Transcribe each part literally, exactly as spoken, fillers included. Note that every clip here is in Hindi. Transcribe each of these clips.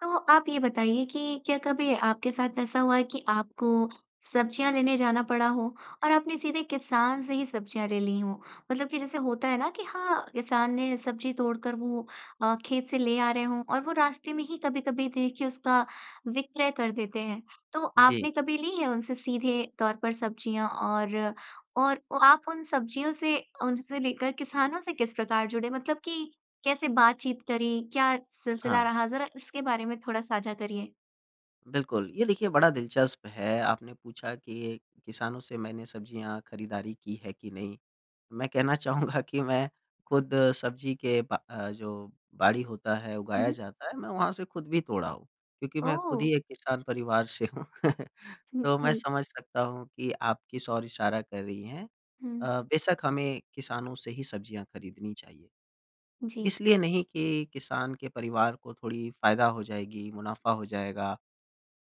तो आप ये बताइए कि क्या कभी आपके साथ ऐसा हुआ है कि आपको सब्ज़ियाँ लेने जाना पड़ा हो और आपने सीधे किसान से ही सब्ज़ियाँ ले ली हों? मतलब कि जैसे होता है ना कि हाँ, किसान ने सब्ज़ी तोड़ कर वो अ, खेत से ले आ रहे हों और वो रास्ते में ही कभी-कभी देखिए उसका विक्रय कर देते हैं। तो जी। आपने कभी ली है उनसे सीधे तौर पर सब्ज़ियाँ? और और आप उन सब्जियों से उनसे लेकर किसानों से किस प्रकार जुड़े, मतलब कि कैसे बातचीत करी? क्या सिलसिला हाँ। रहा? ज़रा इसके बारे में थोड़ा साझा करिए। बिल्कुल। ये देखिए बड़ा दिलचस्प है, आपने पूछा कि किसानों से मैंने सब्ज़ियाँ खरीदारी की है कि नहीं? मैं कहना चाहूँगा कि मैं खुद सब्ज़ी के ब अ, जो बाड़ी होता है, हुँ, उगाया हुँ। जाता है मैं वहाँ से खुद भी तोड़ा हूँ। क्योंकि मैं खुद ओह! ही एक किसान परिवार से हूँ। हुँ, तो मैं जी। समझ सकता हूँ कि आप किस ओर इशारा कर रही हैं। हुँ। अ, बेशक हमें किसानों से ही सब्ज़ियाँ खरीदनी चाहिए। जी। इसलिए नहीं कि किसान के परिवार को थोड़ी फ़ायदा हो जाएगी, मुनाफ़ा हो जाएगा।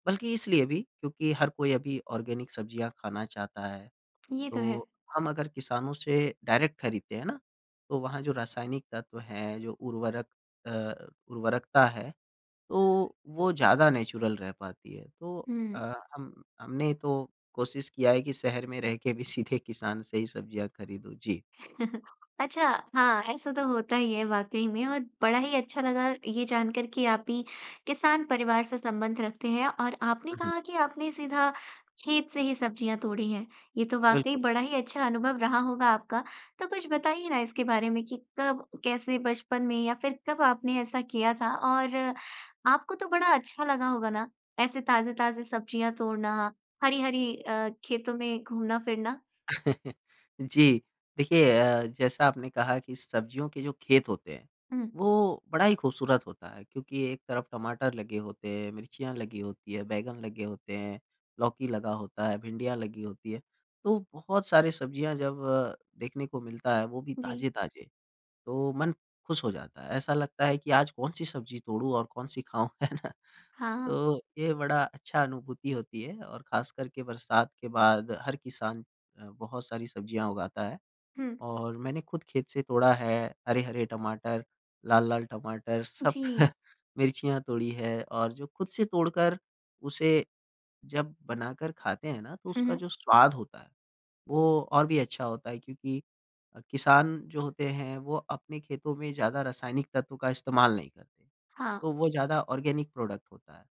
बल्कि इसलिए भी क्योंकि हर कोई अभी ऑर्गेनिक सब्ज़ियाँ खाना चाहता है। ये तो है। तो हम अगर किसानों से डायरेक्ट खरीदते हैं ना, तो वहाँ जो रासायनिक तत्व हैं जो उर्वरक अ, उर्वरकता है तो वो ज़्यादा नेचुरल रह पाती है। तो हुँ। अ, हम हमने तो कोशिश किया है कि शहर में रह के भी सीधे किसान से ही सब्ज़ियाँ खरीदूँ। जी। अच्छा। हाँ, ऐसा तो होता ही है वाक़ई में। और बड़ा ही अच्छा लगा ये जानकर कि आप भी किसान परिवार से संबंध रखते हैं और आपने हुँ, हुँ। कहा कि आपने सीधा खेत से ही सब्ज़ियाँ तोड़ी हैं। ये तो वाक़ई बिल्कुल। बड़ा ही अच्छा अनुभव रहा होगा आपका। तो कुछ बताइए ना इसके बारे में कि कब, कैसे, बचपन में या फिर कब आपने ऐसा किया था? और आपको तो बड़ा अच्छा लगा होगा ना ऐसे ताज़े-ताज़े सब्ज़ियाँ तोड़ना, हरी-हरी अ, खेतों में घूमना-फिरना? जी। देखिए अ, जैसा आपने कहा कि सब्जियों के जो खेत होते हैं, हुँ। वो बड़ा ही खूबसूरत होता है। क्योंकि एक तरफ टमाटर लगे होते हैं, मिर्चियाँ लगी होती है, बैंगन लगे होते हैं, लौकी लगा होता है, भिंडियाँ लगी होती है। तो बहुत सारी सब्ज़ियाँ जब देखने को मिलता है वो भी जी। ताज़े-ताज़े तो मन खुश हो जाता है। ऐसा लगता है कि आज कौन सी सब्ज़ी तोड़ूँ और कौन सी खाऊँ? है ना? हाँ। तो ये बड़ा अच्छा अनुभूति होती है। और ख़ासकर के बरसात के बाद हर किसान अ, बहुत सारी सब्जियाँ उगाता है। हुँ। और मैंने खुद खेत से तोड़ा है हरे-हरे टमाटर, लाल-लाल टमाटर, सब जी। मिर्चियाँ तोड़ी है। और जो खुद से तोड़कर उसे जब बनाकर खाते हैं ना तो हुँ, उसका हुँ। जो स्वाद होता है वो और भी अच्छा होता है। क्योंकि किसान जो होते हैं वो अपने खेतों में ज़्यादा रासायनिक तत्व का इस्तेमाल नहीं करते। हाँ। तो वो ज़्यादा ऑर्गेनिक प्रोडक्ट होता है।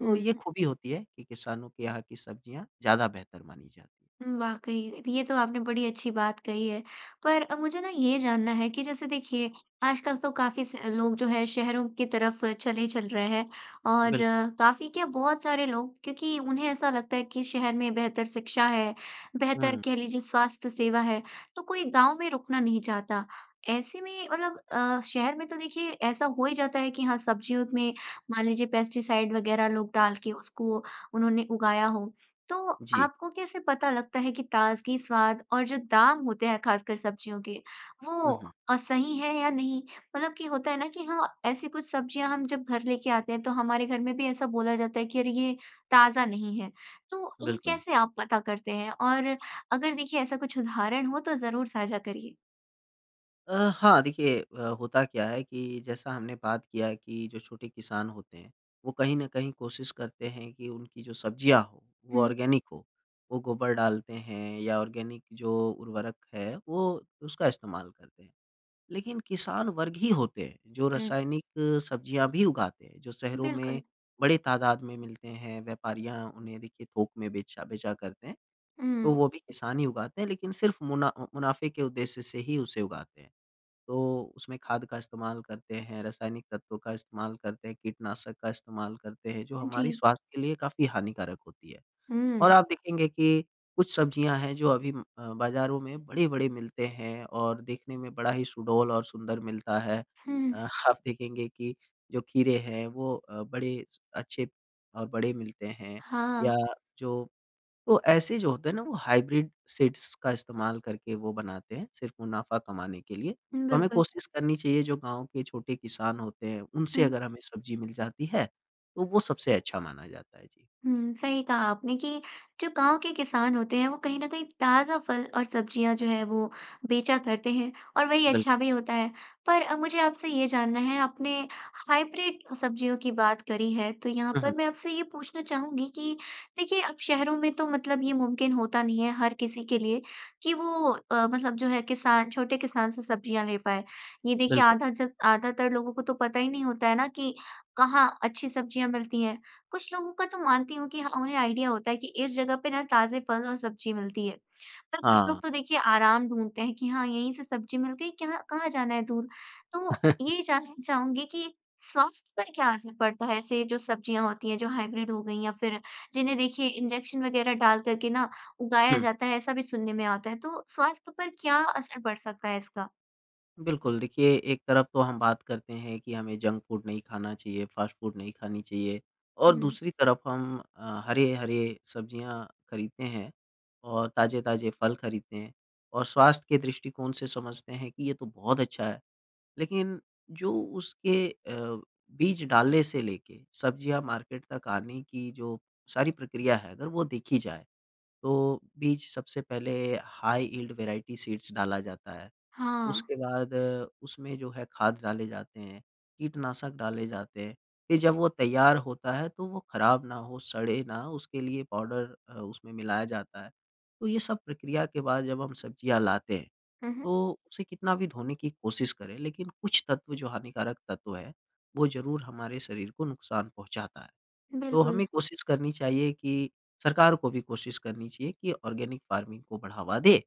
तो ये हुँ। खूबी होती है कि किसानों के यहाँ की सब्जियाँ ज़्यादा बेहतर मानी जाती हैं। हुँ, वाक़ई। ये तो आपने बड़ी अच्छी बात कही है। पर मुझे ना ये जानना है कि जैसे देखिए आजकल तो काफ़ी स लोग जो है शहरों की तरफ चले चल रहे हैं। और बिल्क काफ़ी क्या बहुत सारे लोग क्योंकि उन्हें ऐसा लगता है कि शहर में बेहतर शिक्षा है, बेहतर हुँ। कह लीजिए स्वास्थ्य सेवा है, तो कोई गाँव में रुकना नहीं चाहता। ऐसे में मतलब अ, शहर में तो देखिए ऐसा हो ही जाता है कि हाँ, सब्जियों में मान लीजिए पेस्टिसाइड वग़ैरह लोग डाल के उसको उन्होंने उगाया हो। तो जी। आपको कैसे पता लगता है कि ताज़गी, स्वाद और जो दाम होते हैं ख़ासकर सब्जियों के वो हुँ, हुँ। अ, सही है या नहीं? मतलब कि होता है ना कि हाँ, ऐसी कुछ सब्जियाँ हम जब घर लेके आते हैं तो हमारे घर में भी ऐसा बोला जाता है कि अरे ये ताज़ा नहीं है। तो ये बिल्कुल। कैसे आप पता करते हैं? और अगर देखिए ऐसा कुछ उदाहरण हो तो ज़रूर साझा करिए। अ, हाँ, देखिए अ, होता क्या है कि जैसा हमने बात किया कि जो छोटे किसान होते हैं, वो कहीं न कहीं कोशिश करते हैं कि उनकी जो सब्ज़ियाँ हों, वो हुँ। ऑर्गेनिक हों। वो गोबर डालते हैं या ऑर्गेनिक जो उर्वरक है, वो उसका इस्तेमाल करते हैं। लेकिन किसान वर्ग ही होते हैं, जो ऊँ। रासायनिक सब्ज़ियाँ भी उगाते हैं, जो शहरों में बिल्कुल। बड़े तादाद में मिलते हैं, व्यापारियाँ उन्हें देखिए थोक में बेचा बेचा करते हैं। तो ऊँ। वो भी किसान ही उगाते हैं, लेकिन सिर्फ़ मुना मुनाफ़े के उद्देश्य से ही उसे उगाते हैं। तो उसमें खाद का इस्तेमाल करते हैं, रासायनिक तत्वों का इस्तेमाल करते हैं, कीटनाशक का इस्तेमाल करते हैं, जो हमारी जी। स्वास्थ्य के लिए काफ़ी हानिकारक होती है। और हुँ। आप देखेंगे कि कुछ सब्ज़ियाँ हैं जो अभी अम, अ, बाज़ारों में बड़े-बड़े मिलते हैं, और देखने में बड़ा ही सुडौल और सुंदर मिलता है। हुँ। अ, हाप देखेंगे कि जो खीरे हैं, वो अ, बड़े अच्छे और बड़े मिलते हैं, हाँ। या जो तो ऐसे जो होते हैं ना, वो हाइब्रिड सीड्स का इस्तेमाल करके वो बनाते हैं सिर्फ़ मुनाफ़ा कमाने के लिए। तो हमें बिल्कुल। कोशिश करनी चाहिए जो गाँव के छोटे किसान होते हैं, उनसे हुँ। अगर हमें सब्ज़ी मिल जाती है, तो वो सबसे अच्छा माना जाता है। जी। हुँ, सही कहा आपने कि जो गाँव के किसान होते हैं, वो कहीं न कहीं ताज़ा फल और सब्ज़ियाँ जो है वो बेचा करते हैं और वही बिल अच्छा भी होता है। पर अ, मुझे आपसे ये जानना है, आपने हाइब्रिड सब्ज़ियों की बात करी है, तो यहाँ हुँ, पर हुँ। मैं आपसे ये पूछना चाहूँगी कि देखिए, अब शहरों में तो मतलब ये मुमकिन होता नहीं है हर किसी के लिए कि वो अ, मतलब जो है किसान छोटे किसान से सब्ज़ियाँ ले पाए। ये देखिए बिल्कुल। आधाजक आधातर लोगों को तो पता ही नहीं होता है ना कि कहाँ अच्छी सब्ज़ियाँ मिलती हैं। कुछ लोगों का तो मानती हूँ कि हाँ, उन्हें आईडिया होता है कि इस जगह पे ना ताज़े फल और सब्ज़ी मिलती है। पर कुछ लोग हाँ। तो देखिए आराम ढूँढते हैं कि हाँ, यहीं से सब्ज़ी मिल गई। क्यहाँ कहाँ जाना है दूर। तो ये जानना चाहूँगी कि स्वास्थ्य पर क्या असर पड़ता है ऐसे जो सब्ज़ियाँ होती हैं, जो हाइब्रिड हो गईं, या फिर जिन्हें देखिए इंजेक्शन वग़ैरह डाल कर के ना उगाया हुँ। जाता है, ऐसा भी सुनने में आता है? तो स्वास्थ्य पर क्या असर पड़ सकता है इसका? बिल्कुल। देखिए, एक तरफ तो हम बात करते हैं कि हमें जंक फूड नहीं खाना चाहिए, फ़ास्ट फ़ूड नहीं खानी चाहिए और हुँ। दूसरी तरफ हम अ, हरे-हरे सब्ज़ियाँ खरीदते हैं और ताज़े-ताज़े फल खरीदते हैं और स्वास्थ्य के दृष्टिकोण से समझते हैं कि ये तो बहुत अच्छा है। लेकिन जो उसके अ, बीज डालने से लेके सब्ज़ियाँ मार्केट तक आने की जो सारी प्रक्रिया है, अगर वो देखी जाए, तो बीज सबसे पहले हाई यील्ड वेराइटी सीड्स डाला जाता है, हाँ। उसके बाद, उसमें जो है खाद डाले जाते हैं, कीटनाशक डाले जाते हैं। फ़िर जब वो तैयार होता है, तो वो ख़राब ना हो, सड़े ना, उसके लिए पाउडर अ, उसमें मिलाया जाता है। तो ये सब प्रक्रिया के बाद जब हम सब्ज़ियाँ लाते हैं, हुँ, हुँ। तो उसे कितना भी धोने की कोशिश करें, लेकिन कुछ तत्व जो हानिकारक तत्व हैं, वो ज़रूर हमारे शरीर को नुकसान पहुँचाता है। तो बिल्कुल। हमें कोशिश करनी चाहिए कि सरकार को भी कोशिश करनी चाहिए कि ऑर्गेनिक फ़ार्मिंग को बढ़ावा दें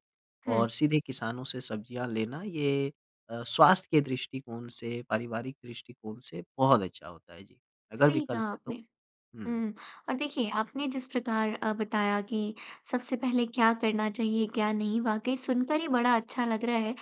और हुँ। सीधे किसानों से सब्ज़ियाँ लेना, ये अ, स्वास्थ्य के दृष्टिकोण से, पारिवारिक दृष्टिकोण से बहुत अच्छा होता है, जी, अगर सही विकल्प कहा है आपने। तो। हुँ। हुँ और देखिए, आपने जिस प्रकार अ, बताया कि सबसे पहले क्या करना चाहिए, क्या नहीं, वाक़ई सुनकर ही बड़ा अच्छा लग रहा है।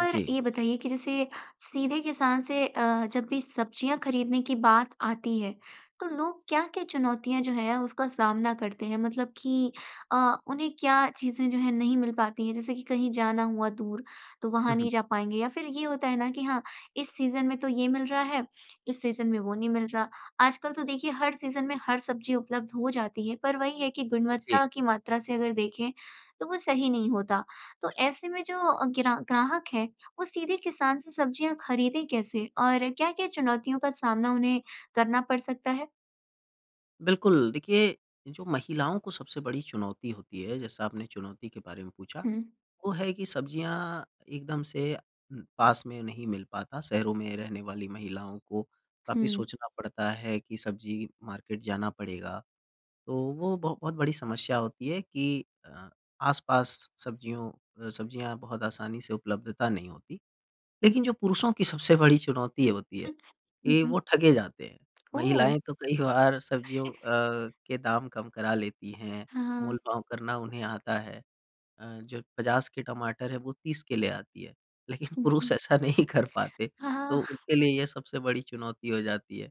पर जी। ये बताइए कि जैसे सीधे किसान से अ, जब भी सब्ज़ियाँ खरीदने की बात आती है, तो लोग क्या-क्या चुनौतियाँ जो हैं, उसका सामना करते हैं? मतलब कि अ, उन्हें क्या चीज़ें जो हैं, नहीं मिल पाती हैं? जैसे कि कहीं जाना हुआ दूर, तो वहाँ हुँ, नहीं हुँ। जा पाएँगे या फ़िर ये होता है ना कि हाँ, इस सीज़न में तो ये मिल रहा है, इस सीज़न में वो नहीं मिल रहा। आजकल तो देखिए, हर सीज़न में हर सब्ज़ी उपलब्ध हो जाती है, पर वही है कि जी। गुणवत्ता की मात्रा से अगर देखें, तो वो सही नहीं होता। तो ऐसे में जो अ, ग्रा ग्राहक है, वो सीधे किसान से सब्ज़ियाँ खरीदें कैसे और क्या-क्या चुनौतियों का सामना उन्हें करना पड़ सकता है? बिल्कुल, देखिए जो महिलाओं को सबसे बड़ी चुनौती होती है जैसा आपने चुनौती के बारे में पूछा हुँ। वो है कि सब्ज़ियाँ एकदम से पास में नहीं मिल पाता। शहरों में रहने वाली महिलाओं को काफ़ी हुँ। सोचना पड़ता है कि सब्ज़ी मार्केट जाना पड़ेगा तो वो ब बहुत बड़ी समस्या होती है कि अ, आस-पास सब्जियों अ, सब्जियाँ बहुत आसानी से उपलब्धता नहीं होती लेकिन जो पुरुषों की सबसे बड़ी चुनौती हुँ, होती है हुँ। कि वो जी। ठगे जाते हैं। ओह! महिलाएँ तो कई बार सब्जियों अ, के दाम कम करा लेती हैं हाँ। मोलभाव करना उन्हें आता है अ, जो पचास के टमाटर है वो तीस के ले आती है लेकिन पुरुष जी। ऐसा नहीं कर पाते हाँ, तो हाँ। उनके लिए ये सबसे बड़ी चुनौती हो जाती है।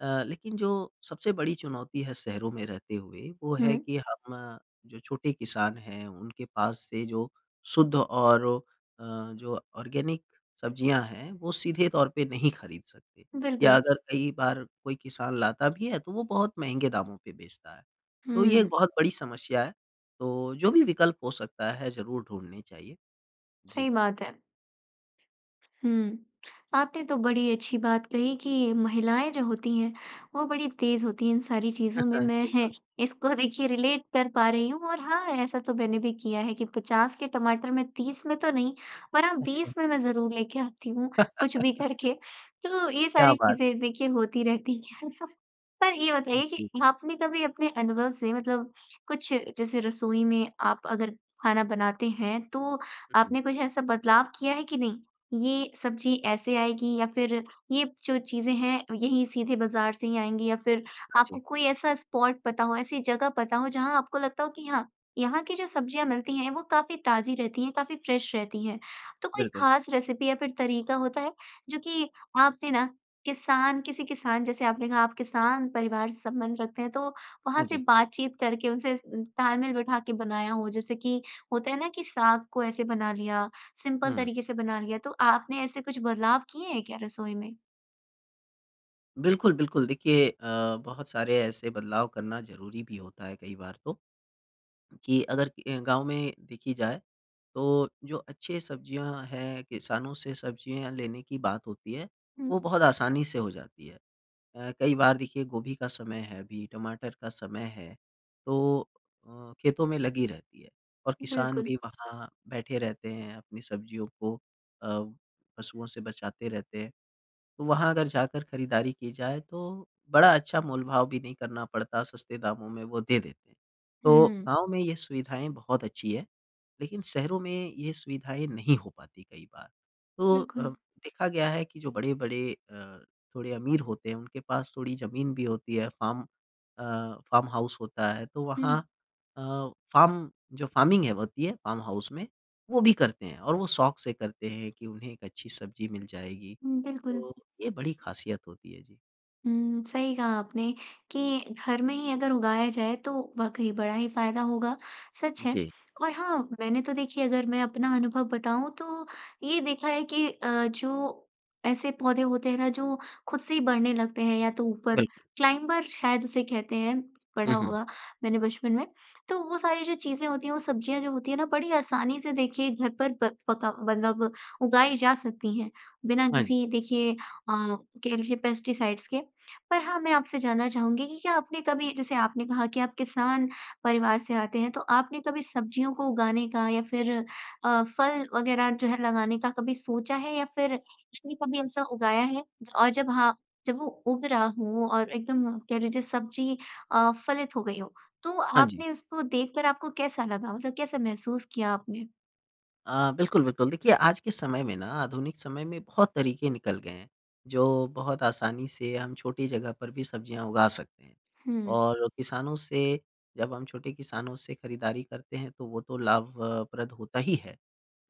अ, लेकिन जो सबसे बड़ी चुनौती है शहरों में रहते हुए वो है हुँ। कि हम जो छोटे किसान हैं उनके पास से जो शुद्ध और ओ अ, जो ऑर्गेनिक सब्जियाँ हैं वो सीधे तौर पे नहीं ख़रीद सकते या बिल्कुल। अगर कई बार कोई किसान लाता भी है तो वो बहुत महँगे दामों पे बेचता है। तो ये एक हुँ। बहुत बड़ी समस्या है तो जो भी विकल्प हो सकता है ज़रूर ढूँढने चाहिए। सही जी। बात है। हुँ, आपने तो बड़ी अच्छी बात कही कि महिलाएँ जो होती हैं वो बड़ी तेज़ होती हैं इन सारी चीज़ों में। मैं है बिल्कुल। इसको देखिए रिलेट कर पा रही हूँ और हाँ ऐसा तो मैंने भी किया है कि पचास के टमाटर में तीस में तो नहीं पर हाँ अच्छा। बीस में मैं ज़रूर लेके आती हूँ कुछ भी करके तो ये क्या सारी बात! चीज़ें देखिए होती रहती है। पर ये बताइए कि जी। आपने कभी अपने अनुभव से मतलब कुछ जैसे रसोई में आप अगर खाना बनाते हैं, तो हुँ, हुँ। आपने कुछ ऐसा बदलाव किया है कि नहीं ये सब्ज़ी ऐसे आएगी या फ़िर ये जो चीज़ें हैं यहीं सीधे बाज़ार से ही आएँगी या फ़िर हाँ जी। आपको कोई ऐसा स्पॉट पता हो, ऐसी जगह पता हो जहाँ आपको लगता हो कि हाँ यहाँ की जो सब्जियाँ मिलती हैं वो काफ़ी ताज़ी रहती है काफ़ी फ़्रेश रहती हैं। तो कोई बिल्कुल। ख़ास रेसिपी या फ़िर तरीका होता है जो कि आपने ना किसान किसी किसान जैसे आपने कहा आप किसान परिवार से संबंध रखते हैं तो वहाँ हाँ से जी। बातचीत करके उनसे तालमेल बिठा के बनाया हो जैसे कि होता है ना कि साग को ऐसे बना लिया सिंपल हुँ। तरीके से बना लिया तो आपने ऐसे कुछ बदलाव किए हैं क्या रसोई में? बिल्कुल, बिल्कुल। देखिए अ, बहुत सारे ऐसे बदलाव करना ज़रूरी भी होता है कई बार तो। कि अगर अ, गाँव में देखी जाए तो जो अच्छे सब्जियाँ हैं किसानों से सब्जियाँ लेने की बात होती है हुँ। वो बहुत आसानी से हो जाती है। अ, कई बार देखिए गोभी का समय है भी टमाटर का समय है तो अ, खेतों में लगी रहती है और किसान बिल्कुल। भी वहाँ बैठे रहते हैं अपनी सब्जियों को अ, पशुओं से बचाते रहते हैं। तो वहाँ अगर जाकर खरीदारी की जाए तो बड़ा अच्छा मोलभाव भी नहीं करना पड़ता सस्ते दामों में वो दे देते हैं। तो हुँ। गाँव में ये सुविधाएँ बहुत अच्छी है लेकिन शहरों में ये सुविधाएँ नहीं हो पाती कई बार। तो अ, बिल्कुल। देखा गया है कि जो बड़े-बड़े अ, थोड़े अमीर होते हैं उनके पास थोड़ी ज़मीन भी होती है फार्म अ, फार्म हाउस होता है तो वहाँ हुँ। अ, फार्म जो फार्मिंग है होती है फार्म हाउस में वो भी करते हैं और वो शौक से करते हैं कि उन्हें एक अच्छी सब्जी मिल जाएगी हुँ, बिल्कुल। तो ये बड़ी ख़ासियत होती है। जी। हुँ, सही कहा आपने कि घर में ही अगर उगाया जाए तो वाक़ई बड़ा ही फ़ायदा होगा, सच है। जी। और हाँ, मैंने तो देखिए अगर मैं अपना अनुभव बताऊँ तो ये देखा है कि अ, जो ऐसे पौधे होते हैं ना, जो खुद से ही बढ़ने लगते हैं या तो ऊपर बिल्कुल। क्लाइंबर शायद उसे कहते हैं, हुँ, पढ़ा हुँ। होगा मैंने बचपन में। तो वो सारी जो चीज़ें होती हैं, वो सब्ज़ियाँ जो होती हैं ना बड़ी आसानी से देखिए घर पर प पका मतलब उगाई जा सकती हैं बिना हाँ जी। किसी देखिए अ, कह लीजिए पेस्टिसाइड्स के। पर हाँ मैं आपसे जानना चाहूँगी कि क्या आपने कभी जैसे आपने कहा कि आप किसान परिवार से आते हैं तो आपने कभी सब्ज़ियों को उगाने का या फ़िर अ, फल वगैरह जो है लगाने का कभी सोचा है? या फ़िर आपने कभी ऐसा उगाया है? ज और जब हाँ जब वो उग रहा हो और एकदम कह लीजिए सब्ज़ी अ, फलित हो गई हो तो हाँ जी। आपने उसको देखकर आपको कैसा लगा? मतलब कैसा महसूस किया आपने? अ, बिल्कुल, बिल्कुल। देखिए आज के समय में ना आधुनिक समय में बहुत तरीके निकल गए हैं, जो बहुत आसानी से हम छोटी जगह पर भी सब्ज़ियाँ उगा सकते हैं। हुँ। और किसानों से जब हम छोटे किसानों से ख़रीदारी करते हैं तो वो तो लाभ अ, प्रद होता ही है।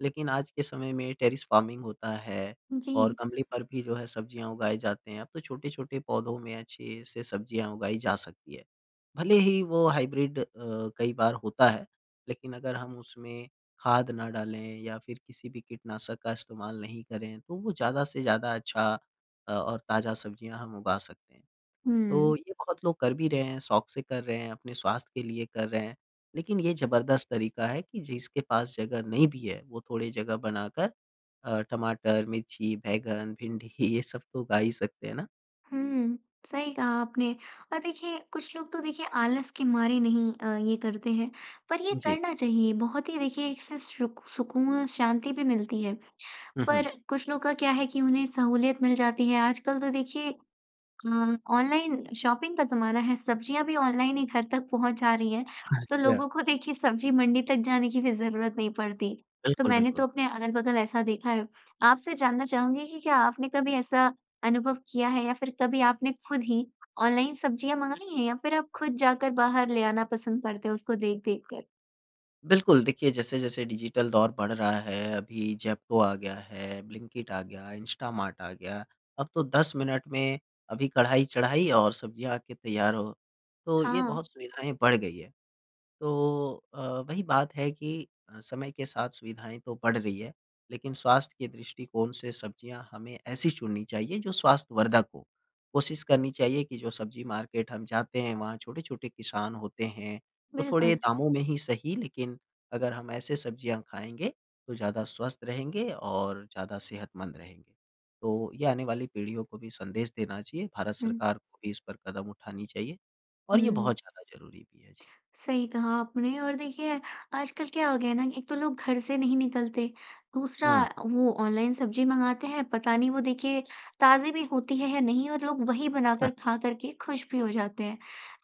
लेकिन आज के समय में टेरेस फ़ार्मिंग होता है और जी। गमले पर भी जो है सब्ज़ियाँ उगाए जाते हैं। अब तो छोटे-छोटे पौधों में अच्छे से सब्ज़ियाँ उगाई जा सकती हैं। भले ही वो हाइब्रिड अ, कई बार होता है। लेकिन अगर हम उसमें खाद न डालें या फ़िर किसी भी कीटनाशक का इस्तेमाल नहीं करें तो वो ज़्यादा से ज़्यादा अच्छा अ, और ताज़ा सब्ज़ियाँ हम उगा सकते हैं। तो हुँ। ये बहुत लोग कर भी रहे हैं, शौक़ से कर रहे हैं अपने स्वास्थ्य के लिए कर रहे हैं। लेकिन ये ज़बरदस्त तरीका है कि जिसके पास जगह नहीं भी है वो थोड़ी जगह बनाकर अ, टमाटर, मिर्ची, बैंगन, भिंडी ये सब तो उगा ही सकते हैं ना? हुँ, सही कहा आपने। और देखिए, कुछ लोग तो देखिए आलस के मारे नहीं अ, ये करते हैं, पर ये जी। करना चाहिए, बहुत ही देखिए इससे सु सुकून और शांति भी मिलती है। हुँ, हुँ। पर कुछ लोग का क्या है कि उन्हें सहूलियत मिल जाती है, आजकल तो देखिए अ, ऑनलाइन शॉपिंग का ज़माना है, सब्ज़ियाँ भी ऑनलाइन ही घर तक पहुँचा जा रही हैं, तो अच्छा। लोगों को देखिए सब्ज़ी मंडी तक जाने की भी ज़रूरत नहीं पड़ती। तो बिल्कुल, मैंने तो बिल्कुल। अपने अगल-बगल ऐसा देखा है। आपसे जानना चाहूँगी कि क्या आपने कभी ऐसा अनुभव किया है, या फिर कभी आपने खुद ही ऑनलाइन सब्ज़ियाँ मँगाई हैं, या फिर आप खुद जाकर बाहर ले आना पसंद करते हो उसको देख-देख कर? बिल्कुल। देखिए, जैसे-जैसे डिजिटल दौर बढ़ रहा है, अभी ज़ेप्टो आ गया है, ब्लिंकिट आ गया, इंस्टामार्ट आ गया, अब तो दस मिनट में अभी कढ़ाई चढ़ाई और सब्ज़ियाँ आके तैयार हो। तो ये हाँ। बहुत सुविधाएँ बढ़ गई हैं। तो अ, वही बात है कि अ, समय के साथ सुविधाएँ तो बढ़ रही हैं, लेकिन स्वास्थ्य के दृष्टिकोण से सब्ज़ियाँ हमें ऐसी चुननी चाहिए जो स्वास्थ्यवर्धक हो। कोशिश करनी चाहिए कि जो सब्ज़ी मार्केट हम जाते हैं, वहाँ छोटे-छोटे किसान होते हैं, तो थोड़े बिल्कुल। दामों में ही सही लेकिन अगर हम ऐसे सब्ज़ियाँ खाएँगे, तो ज़्यादा स्वस्थ रहेंगे और ज़्यादा सेहतमंद रहेंगे। तो ये आने वाली पीढ़ियों को भी संदेश देना चाहिए, भारत हुँ। सरकार को भी इस पर कदम उठानी चाहिए, और ये हुँ। बहुत ज़्यादा ज़रूरी भी है। जी। सही कहा आपने। और देखिए, आजकल क्या हो गया है ना, एक तो लोग घर से नहीं निकलते, दूसरा हुँ। अ, वो ऑनलाइन सब्ज़ी मँगाते हैं। पता नहीं वो देखिए ताज़ी भी होती है है नहीं, और लोग वही बनाकर खा कर के खुश भी हो जाते हैं।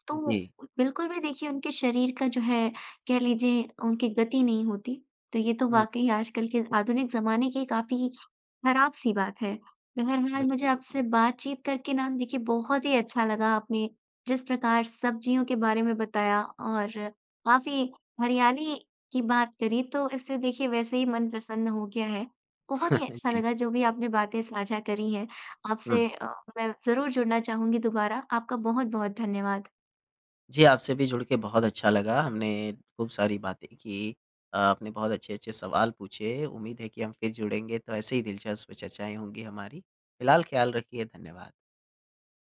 तो उ जी। बिल्कुल भी देखिए उनके शरीर का जो है, कह लीजिए उनकी गति नहीं होती। तो ये तो हुँ। वाक़ई आजकल के आधुनिक ज़माने की काफ़ी ख़राब-सी बात है। बहरहाल मुझे बिल्कुल, बिल्कुल। आपसे बातचीत करके ना देखिए बहुत ही अच्छा लगा। आपने जिस प्रकार सब्ज़ियों के बारे में बताया और काफ़ी हरियाली की बात करी, तो इससे देखिए वैसे ही मन प्रसन्न हो गया है। बहुत ही अच्छा जी। लगा जो भी आपने बातें साझा करी है। हुँ। आपसे अ, मैं ज़रूर जुड़ना चाहूँगी दुबारा। आपका बहुत-बहुत धन्यवाद। जी, आपसे भी जुड़ के बहुत अच्छा लगा। हमने खूब सारी बातें की, अ, आपने बहुत अच्छे-अच्छे सवाल पूछे, उम्मीद है कि हम फिर जुड़ेंगे तो ऐसे ही दिलचस्प चर्चाएँ होंगी हमारी। फ़िलहाल ख़्याल रखिए, धन्यवाद।